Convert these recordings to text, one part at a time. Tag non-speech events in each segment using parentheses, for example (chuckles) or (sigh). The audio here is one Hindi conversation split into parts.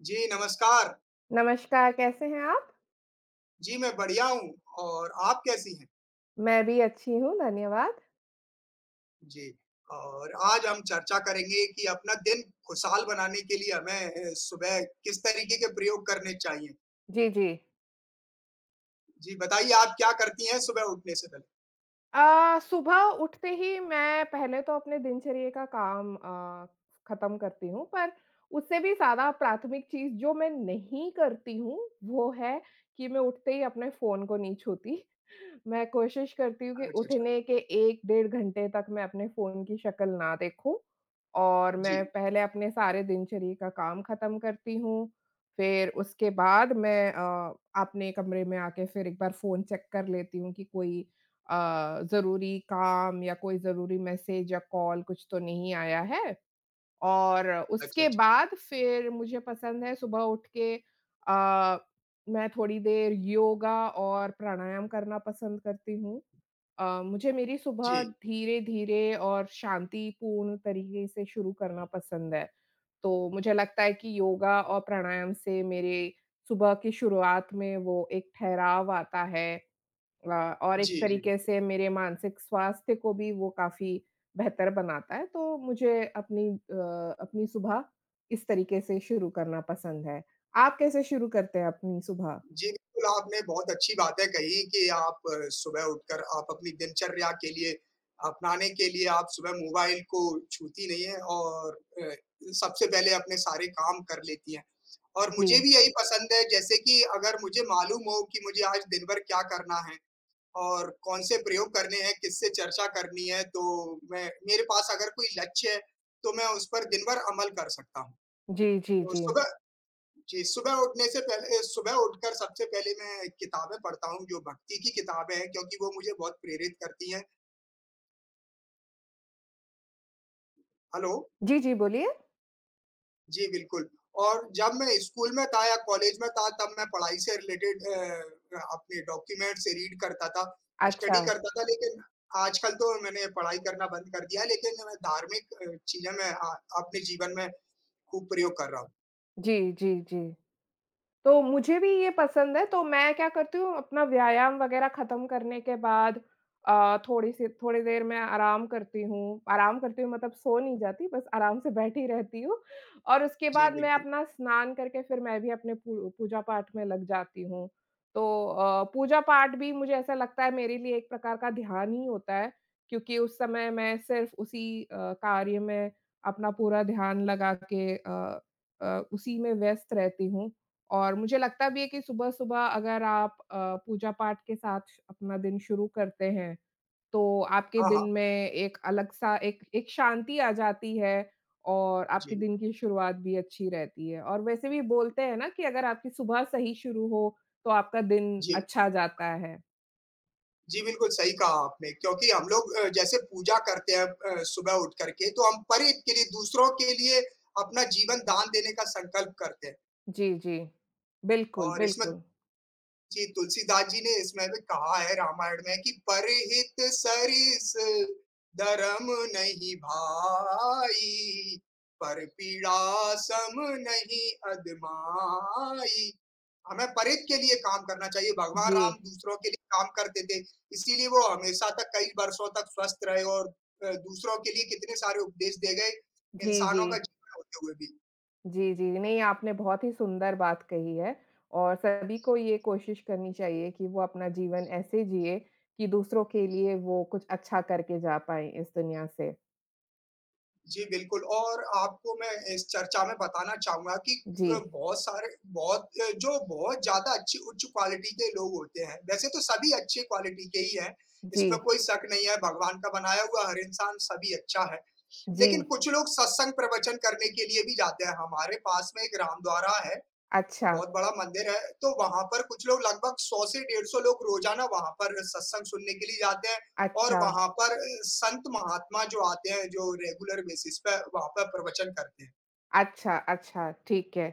जी, नमस्कार। नमस्कार, कैसे हैं आप? जी, मैं बढ़िया हूँ और आप कैसी हैं? मैं भी अच्छी हूँ, धन्यवाद। जी, और आज हम चर्चा करेंगे कि अपना दिन खुशहाल बनाने के लिए हमें सुबह किस तरीक़े के प्रयोग करने चाहिए। जी, जी। जी, बताइए आप क्या करती हैं सुबह उठने से पहले? अ, सुबह उठते ही मैं पहले तो अपने दिनचर्या का काम अ, ख़त्म करती हूँ, पर उससे भी ज़्यादा प्राथमिक चीज़ जो मैं नहीं करती हूँ, वो है कि मैं उठते ही अपने फ़ोन को नहीं छूती। मैं कोशिश करती हूँ कि अच्छा, अच्छा। उठने के 1 डेढ़ घंटे तक मैं अपने फ़ोन की शक्ल ना देखूँ और मैं जी। पहले अपने सारे दिनचर्या का काम ख़त्म करती हूँ। फिर उसके बाद मैं अ, अपने कमरे में आके फिर एक बार फ़ोन चेक कर लेती हूँ कि कोई अ, ज़रूरी काम या कोई ज़रूरी मैसेज या कॉल कुछ तो नहीं आया है, और अच्छा, उसके अच्छा। बाद फिर मुझे पसंद है सुबह उठ के अ, मैं थोड़ी देर योगा और प्राणायाम करना पसंद करती हूँ। अ, मुझे मेरी सुबह जी। धीरे-धीरे और शांतिपूर्ण तरीक़े से शुरू करना पसंद है, तो मुझे लगता है कि योगा और प्राणायाम से मेरे सुबह की शुरुआत में वो एक ठहराव आता है। अ, और एक जी, जी। तरीक़े से मेरे मानसिक स्वास्थ्य को भी वो काफ़ी बेहतर बनाता है, तो मुझे अपनी अ, अपनी सुबह इस तरीक़े से शुरू करना पसंद है। आप कैसे शुरू करते हैं अपनी सुबह? जी, बिल्कुल आपने बहुत अच्छी बातें कहीं कि आप सुबह उठकर आप अपनी दिनचर्या के लिए अपनाने के लिए आप सुबह मोबाइल को छूती नहीं है और अ, सबसे पहले अपने सारे काम कर लेती हैं, और मुझे जी। भी यही पसंद है जैसे कि अगर मुझे मालूम हो कि मुझे आज दिन-भर क्या करना है, और कौन-से प्रयोग करने हैं। किससे चर्चा करनी है, तो मैं मेरे पास अगर कोई लक्ष्य है, तो मैं उस पर दिन भर अमल कर सकता हूँ। जी, जी, तो जी। सुबह जी, सुबह उठने से पहले अ, सुबह उठकर सबसे पहले मैं किताबें पढ़ता हूँ, जो भक्ति की किताबें हैं क्योंकि वो मुझे बहुत प्रेरित करती हैं। हेलो। जी, जी, बोलिए। जी, बिल्कुल। और जब मैं स्कूल में था या कॉलेज में था तब मैं पढ़ाई से रिलेटेड अ अ, अपने डॉक्यूमेंट से रीड करता था, स्टडी अच्छा। करता था। लेकिन आजकल तो मैंने पढ़ाई करना बंद कर दिया है, लेकिन मैं धार्मिक अ, चीज़ें मैं हाँ, अपने जीवन में कुप्रयोग कर रहा हूँ। जी, जी, जी। तो मुझे भी ये पसंद है, तो मैं क्या करती हूँ अपना व्यायाम वगैरह ख़त्म करने के बाद अ, थोड़ी-सी थोड़ी देर मैं आराम करती हूँ, आराम करती हूँ मतलब सो नहीं जाती, बस आराम से बैठी रहती हूँ और उसके जी, बाद मैं बिल्कुल। अपना स्नान करके फिर मैं भी अपने पू पूजा-पाठ में लग जाती हूँ। तो अ, पूजा-पाठ भी मुझे ऐसा लगता है मेरे लिए एक प्रकार का ध्यान ही होता है, क्योंकि उस समय मैं सिर्फ़ उसी अ, कार्य में अपना पूरा ध्यान लगा के अ अ, उसी में व्यस्त रहती हूँ और मुझे लगता भी है कि सुबह-सुबह अगर आप अ, पूजा-पाठ के साथ श अपना दिन शुरू करते हैं, तो आपके हाँ, दिन हाँ। में एक अलग-सा एक एक शांति आ जाती है और आपके जी। दिन की शुरुआत भी अच्छी रहती है। और वैसे भी बोलते हैं ना कि अगर आपकी सुबह सही शुरू हो, तो आपका दिन जी। अच्छा जाता है। जी, बिल्कुल सही कहा आपने क्योंकि हम लोग अ, जैसे पूजा करते हैं अब अ, सुबह उठ कर के, तो हम परित के लिए दूसरों के लिए अपना जीवन दान देने का संकल्प करते हैं। जी, जी। बिल्कुल, और इसमें बिल्कुल। जी तुलसीदास जी ने इसमें भी कहा है रामायण में कि "परिहित सरिस धर्म नहीं भाई। पर पीड़ा सम नहीं अदमाई।" हमें परित के लिए काम करना चाहिए। भगवान राम जी। दूसरों के लिए काम करते थे। इसीलिए वो हमेशा तक कई बरसों तक स्वस्थ रहे और अ, दूसरों के लिए कितने सारे उपदेश दे गए। जी, इंसानों का जी। जीवन होते हुए भी। जी, जी। नहीं आपने बहुत ही सुंदर बात कही है और सभी को ये कोशिश करनी चाहिए कि वो अपना जीवन ऐसे जिए कि दूसरों के लिए वो कुछ अच्छा करके जा पाएँ इस दुनिया से। जी, बिल्कुल और आपको मैं इस चर्चा में बताना चाहूँगा कि अ, जी। बहुत सारे बहुत अ, जो बहुत ज़्यादा अच्छी उच्च क्वालिटी के लोग होते हैं। वैसे तो सभी अच्छी क्वालिटी के ही हैं। इसमें जी। कोई शक नहीं है भगवान का बनाया हुआ हर इंसान सभी अच्छा है। लेकिन जी। कुछ लोग सत्संग प्रवचन करने के लिए भी जाते हैं, हमारे पास में एक राम द्वारा है। अच्छा। बहुत बड़ा मंदिर है, तो वहाँ पर कुछ लोग लगभग 100 से डेढ़ 100 लोग रोज़ाना वहाँ पर सत्संग सुनने के लिए जाते हैं और अच्छा। वहाँ पर अ, संत महात्मा जो आते हैं, जो रेगुलर बेसिस पे वहाँ पे प्रवचन करते हैं। अच्छा, अच्छा, ठीक है।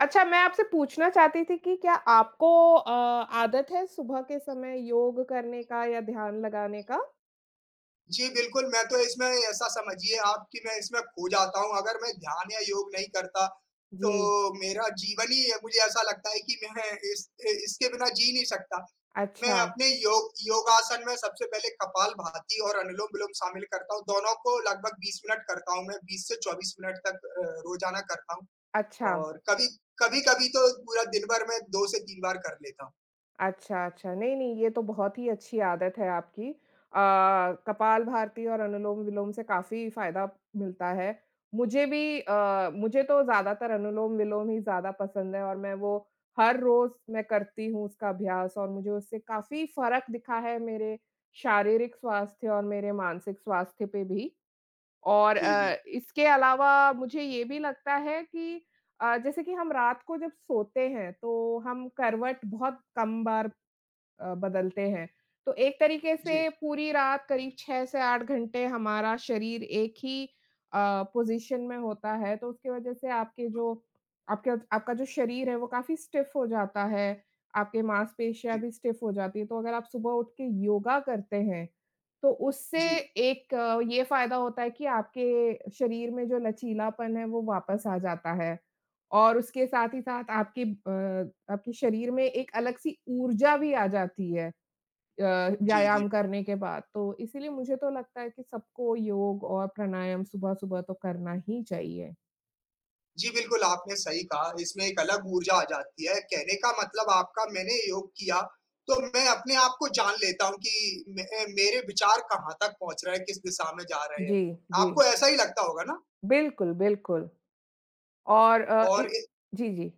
अच्छा मैं आपसे पूछना चाहती थी कि, क्या आपको अ, आदत है, सुबह के समय योग करने का या ध्यान लगाने का? जी बिल्कुल, मैं तो इसमें ऐसा समझिए आप कि मैं इसमें खो जाता हूँ, अगर मैं ध्यान या योग नहीं करता जी। तो मेरा जीवन ही अ, मुझे ऐसा लगता है कि मैं इस इ इसके बिना जी नहीं सकता, मैं अच्छा। अपने योग योगासन में सबसे पहले कपालभाति और अनुलोम-विलोम शामिल करता हूँ, दोनों को लगभग 20 मिनट करता हूँ मैं, 20 से 24 मिनट तक अ, रोज़ाना करता हूँ अच्छा। और कभी कभी-कभी तो पूरा दिनभर मैं 2 से 3 बार कर लेता हूँ। अच्छा, अच्छा। नहीं, नहीं, ये तो बहुत ही अच्छी आदत है आपकी अ, कपालभाति और अनुलोम-विलोम से काफ़ी फ़ायदा मिलता है, मुझे भी अ, मुझे तो ज़्यादातर अनुलोम-विलोम ही ज़्यादा पसंद है और मैं वो हर रोज़ मैं करती हूँ उसका अभ्यास और मुझे उससे काफ़ी फ़र्क दिखा है, मेरे शारीरिक स्वास्थ्य और मेरे मानसिक स्वास्थ्य पे भी और जी, अ, जी। इसके अलावा मुझे ये भी लगता है कि अ, जैसे कि हम रात को जब सोते हैं, तो हम करवट बहुत कम बार अ, बदलते हैं, तो एक तरीके से जी। पूरी रात करीब 6 से 8 घंटे हमारा शरीर एक ही अ, पोज़ीशन में होता है तो उसकी वज़ह से आपके जो आपके आपका जो शरीर है, वो काफ़ी स्टिफ हो जाता है, आपके माँसपेशियाँ जी। भी स्टिफ हो जाती हैं, तो अगर आप सुबह उठ के योगा करते हैं, तो उससे जी। एक ये फ़ायदा होता है कि आपके शरीर में जो लचीलापन है, वो वापस आ जाता है और उसके साथ ही साथ आपके अ, आपके शरीर में एक अलग-सी ऊर्जा भी आ जाती है अ, जी, व्यायाम जी। करने के बाद तो इसीलिए मुझे तो लगता है कि सबको योग और प्राणायाम सुबह-सुबह तो करना ही चाहिए। जी, बिल्कुल आपने सही कहा इसमें एक अलग ऊर्जा आ जाती है। कहने का मतलब आपका मैंने योग किया तो मैं अपने आप को जान लेता हूँ कि मैं अ, मेरे विचार कहाँ तक पहुँच रहे हैं, किस दिशा में जा रहे हैं। जी, जी। आपको ऐसा ही लगता होगा ना? बिल्कुल, बिल्कुल। और अ, इ और ए जी, जी।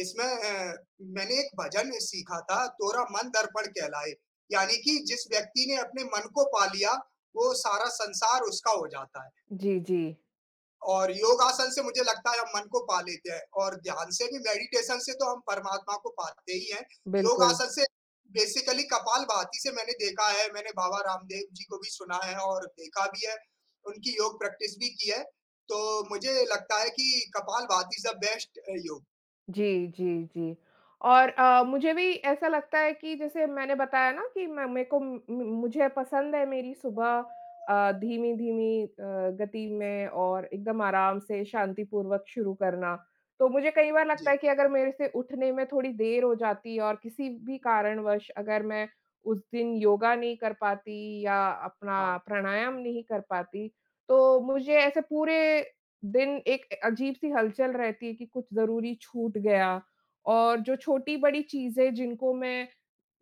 इसमें अ, मैंने एक भजन भी सीखा था, तोरा मन दर्पण कहलाए। यानी कि जिस व्यक्ति ने अपने मन को पा लिया वो सारा संसार उसका हो जाता है। जी, जी। और योगासन से मुझे लगता है हम मन को पा लेते हैं और ध्यान से भी मेडिटेशन से तो हम परमात्मा को पाते ही हैं। योग बिल्कुल। आसन से बेसिकली कपालभाति से मैंने देखा है, मैंने बाबा रामदेव जी को भी सुना है और देखा भी है। उनकी योग प्रैक्टिस भी की है तो मुझे लगता है कि kapalbhati is a best uh, yoga. जी, जी, जी। और अ, मुझे भी ऐसा लगता है कि जैसे मैंने बताया ना कि मैं मैं को उम, म मुझे पसंद है मेरी सुबह, अ, धीमी-धीमी अ, गति में और एकदम आराम से शांतिपूर्वक शुरू करना। तो मुझे कई बार लगता जी। है कि अगर मेरे से उठने में थोड़ी देर हो जाती है और किसी भी कारणवश अगर मैं उस दिन योगा नहीं कर पाती या हाँ। अपना प्राणायाम नहीं कर पाती। तो मुझे ऐसे पूरे, दिन एक अ, अजीब-सी हलचल रहती है कि कुछ ज़रूरी छूट गया और जो छोटी-बड़ी चीज़ें जिनको मैं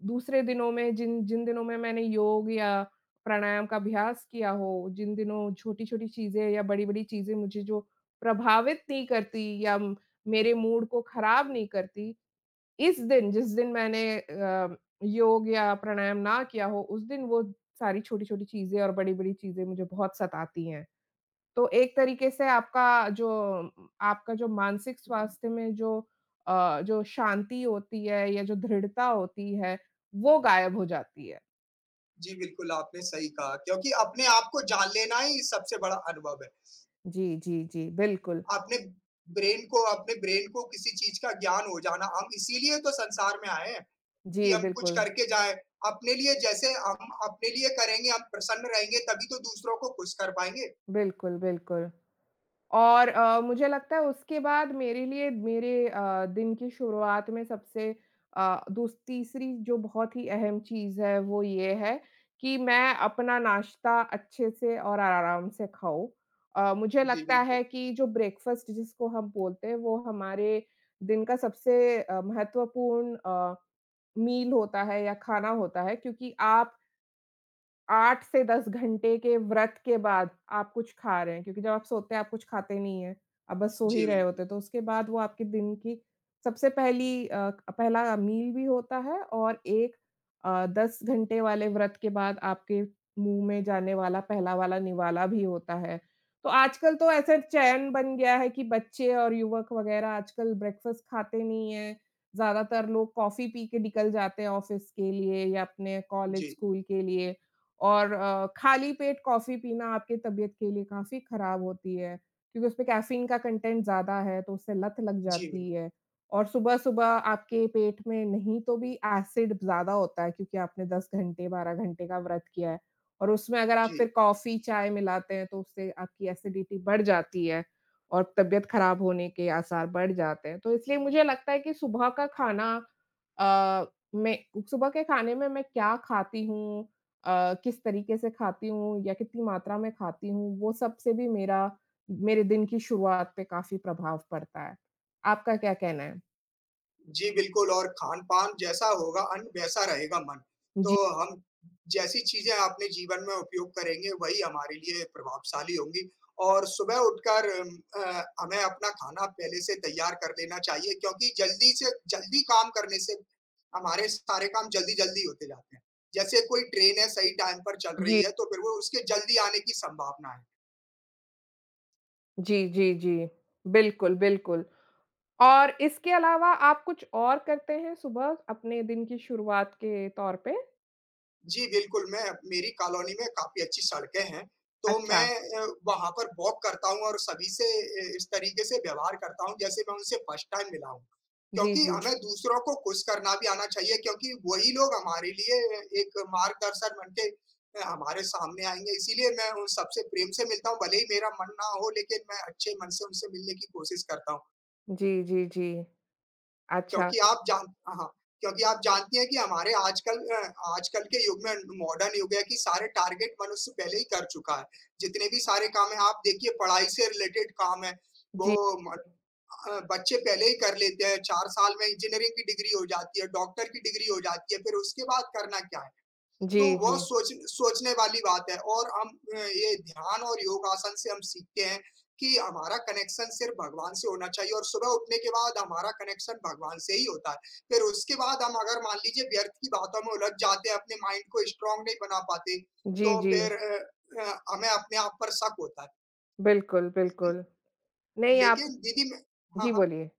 दूसरे दिनों में जिन जिन दिनों में मैंने योग या प्राणायाम का अभ्यास किया हो, जिन दिनों छोटी-छोटी चीज़ें या बड़ी-बड़ी चीज़ें मुझे जो प्रभावित नहीं करती या म मेरे मूड को ख़राब नहीं करती। इस दिन जिस दिन मैंने अ, योग या प्राणायाम ना किया हो, उस दिन वो सारी छोटी-छोटी चीज़ें और बड़ी-बड़ी चीज़ें मुझे बहुत सतातीं हैं। तो एक तरीके से आपका जो आपका जो मानसिक जी। स्वास्थ्य में जो अ, जो शांति होती है या जो धृढ़ता होती है वो गायब हो जाती है। जी, बिल्कुल, आपने सही कहा, क्योंकि अपने आप को जान लेना ही सबसे बड़ा अनुभव है। जी, जी, जी, बिल्कुल। आपने ब्रेन को अपने ब्रेन को किसी चीज़ का ज्ञान हो जाना, हम इसीलिए तो संसार में आए हैं, कि जी, हम कुछ बिल्कुल। करके जाएँ। अपने लिए जैसे हम अपने लिए करेंगे, हम प्रसन्न रहेंगे, तभी तो दूसरों को खुश कर पाएँगे। बिल्कुल, बिल्कुल। और अ, मुझे लगता है उसके बाद मेरे लिए, मेरे अ, दिन की शुरुआत में सबसे अ, दूस तीसरी जो बहुत ही अहम चीज़ है, वो ये है, कि मैं अपना नाश्ता अच्छे से और आराम से खाऊँ। अ, मुझे जी, लगता बिल्कुल। है कि जो ब्रेकफ़ास्ट जिसको हम बोलते हैं, वो हमारे दिन का सबसे अ, महत्वपूर्ण अ, मील होता है या खाना होता है, क्योंकि आप 8 से 10 घंटे के व्रत के बाद आप कुछ खा रहे हैं, क्योंकि जब आप सोते हैं, आप कुछ खाते नहीं हैं। आप बस सो ही जी, रहे बिल्कुल। होते हैं, तो उसके बाद वो आपके दिन की सबसे पहली अ, क पहला मील भी होता है और एक अ, 10 घंटे वाले व्रत के बाद आपके मुँह में जाने वाला पहला वाला निवाला भी होता है। तो आजकल तो ऐसे चयन बन गया है कि बच्चे और युवक वगैरह आजकल ब्रेकफ़ास्ट खाते नहीं हैं, ज़्यादातर लोग कॉफ़ी पी के निकल जाते हैं, ऑफ़िस के लिए या अपने जी। कॉलेज-स्कूल के लिए, और अ, खाली पेट कॉफ़ी पीना आपकी तबीयत के लिए काफ़ी खराब होती है। क्योंकि उसमें कैफ़ीन का कंटेंट ज़्यादा है, तो उससे लत लग जी, बिल जाती है, और सुबह-सुबह आपके पेट में नहीं तो भी एसिड ब ज़्यादा होता है, क्योंकि आपने 10 घंटे, 12 घंटे का व्रत किया है। और उसमें अगर आप जी। फिर कॉफ़ी-चाय मिलाते हैं, तो उससे आपकी एसिडिटी बढ़ जाती है और तबीयत खराब होने के आसार बढ़ जाते हैं। तो इसलिए मुझे लगता है कि सुबह का खाना अ, में सुबह के खाने में मैं क्या खाती हूँ अ, किस तरीके से खाती हूँ, या कितनी मात्रा में खाती हूँ, वो सबसे भी मेरा मेरे दिन की शुरुआत पे काफ़ी प्रभाव पड़ता है। आपका क्या कहना है? जी, बिल्कुल और खान-पान जैसा होगा अन वैसा रहेगा मन। जी। तो हम जैसी चीज़ें आपने जीवन में उपयोग करेंगे, वही हमारे लिए प्रभावशाली होंगी। और सुबह उठकर म अ, हमें अपना खाना पहले से तैयार कर लेना चाहिए क्योंकि जल्दी से जल्दी काम करने से हमारे सारे काम जल्दी-जल्दी होते जाते हैं। जैसे कोई ट्रेन है सही टाइम पर चल रही जी। है तो फिर वो उसके जल्दी आने की सँभावना है। जी, जी, जी। बिल्कुल, बिल्कुल, और इसके अलावा आप कुछ और करते हैं सुबह अपने दिन की शुरुआत के तौर पे? जी, बिल्कुल मैं मेरी कॉलोनी में काफ़ी अच्छी सड़कें हैं। तो अच्छा। मैं अ, वहाँ पर वॉक करता हूँ और सभी से इस तरीके से व्यवहार करता हूँ जैसे मैं उनसे फर्स्ट टाइम मिला हूँ। जी, क्योंकि हमें जी। दूसरों को खुश करना भी आना चाहिए क्योंकि वही लोग हमारे लिए एक मार्गदर्शन बनके अ, हमारे सामने आएँगे इसीलिए मैं उन सबसे प्रेम से मिलता हूँ। भले ही मेरा मन ना हो, लेकिन मैं अच्छे मन से उनसे मिलने की कोशिश करता हूँ। जी, जी, जी। अच्छा। क्योंकि आप जान हाँ, हाँ। क्योंकि आप जानती हैं कि हमारे आजकल अ, आजकल के युग में मॉडर्न युग है कि सारे टारगेट मनुष्य पहले ही कर चुका है। जितने भी सारे काम हैं आप देखिए पढ़ाई से रिलेटेड काम हैं वो जी, म जी। अ, बच्चे पहले ही कर लेते हैं, 4 साल में इंजीनियरिंग की डिग्री हो जाती है डॉक्टर की डिग्री हो जाती है फिर उसके बाद करना क्या है? तो जी, वो जी। सोच सोचने वाली बात है और हम अ, ये ध्यान और योगासन से हम सीखते हैं कि हमारा कनेक्शन सिर्फ़ भगवान से होना चाहिए और सुबह उठने के बाद हमारा कनेक्शन भगवान से ही होता है। फिर उसके बाद हम अगर मान लीजिए व्यर्थ की बातों में लग जाते हैं, अपने माइंड को स्ट्रॉन्ग नहीं बना पाते। जी, तो जी। फिर अ अ, हमें अपने आप पर शक होता है। बिल्कुल, जी, जी। बिल्कुल। नहीं आप लेकिन दीदी में हाँ, जी हाँ। बोलिए।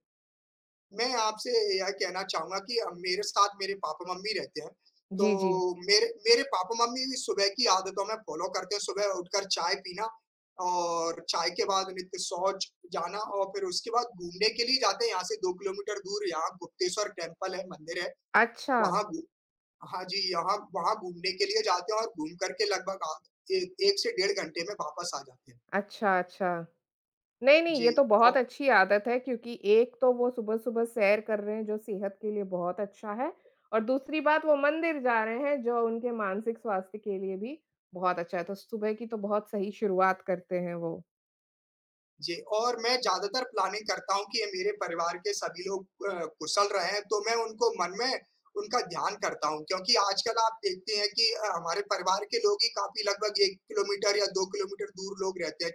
मैं आपसे यह कहना चाहूँगा कि अ, मेरे साथ मेरे पापा-मम्मी रहते हैं। तो जी, जी। मेरे मेरे पापा-मम्मी भी सुबह की आदतों में फ़ॉलो करते हैं सुबह उठकर चाय पीना और चाय के बाद नित्य शौच जाना और फिर उसके बाद घूमने के लिए जाते हैं यहाँ से 2 किलोमीटर दूर यहाँ गुप्तेश्वर टेम्पल है मंदिर है। अच्छा। वहाँ बि हाँ जी, यहाँ वहाँ घूमने के लिए जाते हैं और घूम कर के लगभग आ ए 1 से डेढ़ घंटे में वापस आ जाते हैं। अच्छा, अच्छा। नहीं, नहीं ये जी तो बहुत ओ अच्छी आदत है क्योंकि एक तो वो सुबह-सुबह सैर कर रहे हैं जो सेहत के लिए बहुत अच्छा है। और दूसरी बात वो मंदिर जा रहे हैं जो उनके मानसिक स्वास्थ्य के लिए भी बहुत अच्छा है, तो सुबह की तो बहुत सही शुरुआत करते हैं वो। जी और मैं ज़्यादातर प्लानिंग करता हूँ कि ये मेरे परिवार के सभी लोग अ, कुशल रहे तो मैं उनको मन में उनका ध्यान करता हूँ क्योंकि आजकल आप देखते हैं कि अ, हमारे परिवार के लोग ही काफ़ी लगभग 1 किलोमीटर या 2 किलोमीटर दूर लोग रहते हैं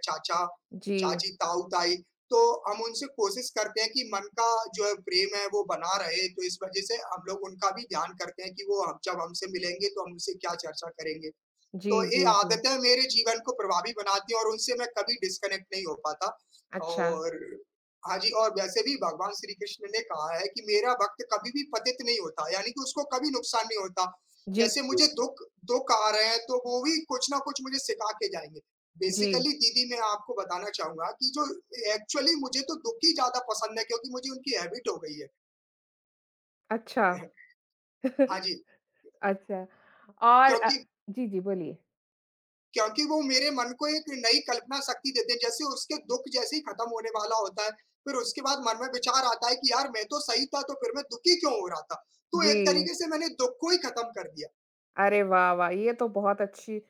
जी। चाचा-चाची, ताऊ-ताई तो हम उनसे कोशिश करते हैं कि मन का जो है प्रेम है वो बना रहे। तो इस वज़ह से हम लोग उनका भी ध्यान करते हैं, कि वो जब हमसे मिलेंगे तो हम उनसे क्या चर्चा करेंगे? तो जी, ए जी, जी। आदतें मेरे जीवन को प्रभावी बनाती हैं और उनसे मैं कभी डिस्कनेक्ट नहीं हो पाता अच्छा। और हाँ जी और वैसे भी भगवान श्री कृष्ण ने कहा है कि मेरा वक़्त कभी भी पतित नहीं होता। यानी कि उसको कभी नुकसान नहीं होता। जी, जैसे मुझे जी। दुःख दुःख आ रहे हैं तो वो भी कुछ न कुछ मुझे सिखा के जाएँगे। जी। बेसिकली दीदी मैं आपको बताना चाहूँगा कि जो एक्चुअली मुझे तो दुःख ही ज़्यादा पसंद है क्योंकि मुझे उनकी हैबिट हो गई है। अच्छा। (clears throat) हाँ (chuckles) जी। अच्छा, और अ, क्योंकि जी, जी, बोलिए। क्योंकि वो मेरे मन को एक नई कल्पना शक्ति देते हैं, जैसे उसके दुःख जैसे ही ख़त्म होने वाला होता है, फिर उसके बाद मन में विचार आता है कि यार, मैं तो सही था, तो फिर मैं दुखी क्यों हो रहा था? तो एक जी। तरीके से मैंने दुःख को ही ख़त्म कर दिया। अरे वाह, वाह! ये तो बहुत अच्छी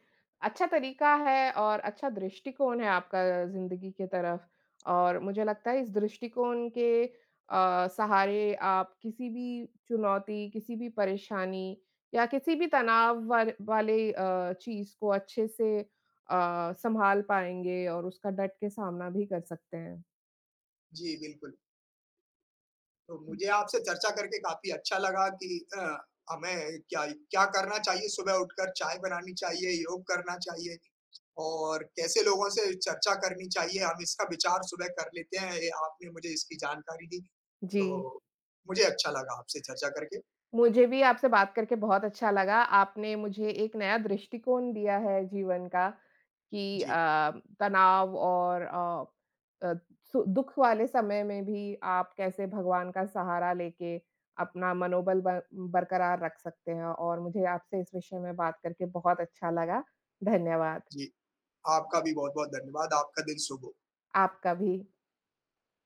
अच्छा तरीका है और अच्छा दृष्टिकोण है आपका ज़िंदगी के तरफ़ और मुझे लगता है, इस दृष्टिकोण के अ, सहारे आप किसी भी चुनौती, किसी भी परेशानी या किसी भी तनाव वाल वाले अ, चीज़ को अच्छे से अ, सँभाल पाएँगे और उसका डट के सामना भी कर सकते हैं। जी, बिल्कुल। तो मुझे आपसे चर्चा करके काफ़ी अच्छा लगा कि अ, हमें क्या इ क्या करना चाहिए सुबह उठकर, चाय बनानी चाहिए, योग करना चाहिए, और कैसे लोगों से चर्चा करनी चाहिए, हम इसका विचार सुबह कर लेते हैं, ये आपने मुझे इसकी जानकारी दी। जी। तो, मुझे अच्छा लगा आपसे चर्चा करके। मुझे भी आपसे बात करके बहुत अच्छा लगा, आपने मुझे एक नया दृष्टिकोण दिया है जीवन का, कि जी। अ, तनाव और अ अ, सु दुःख वाले समय में भी आप कैसे भगवान का सहारा लेके अपना मनोबल बल बरकरार रख सकते हैं, और मुझे आपसे इस विषय में बात करके बहुत अच्छा लगा। धन्यवाद। जी। आपका भी बहुत-बहुत धन्यवाद, आपका दिन शुभ हो। आपका भी।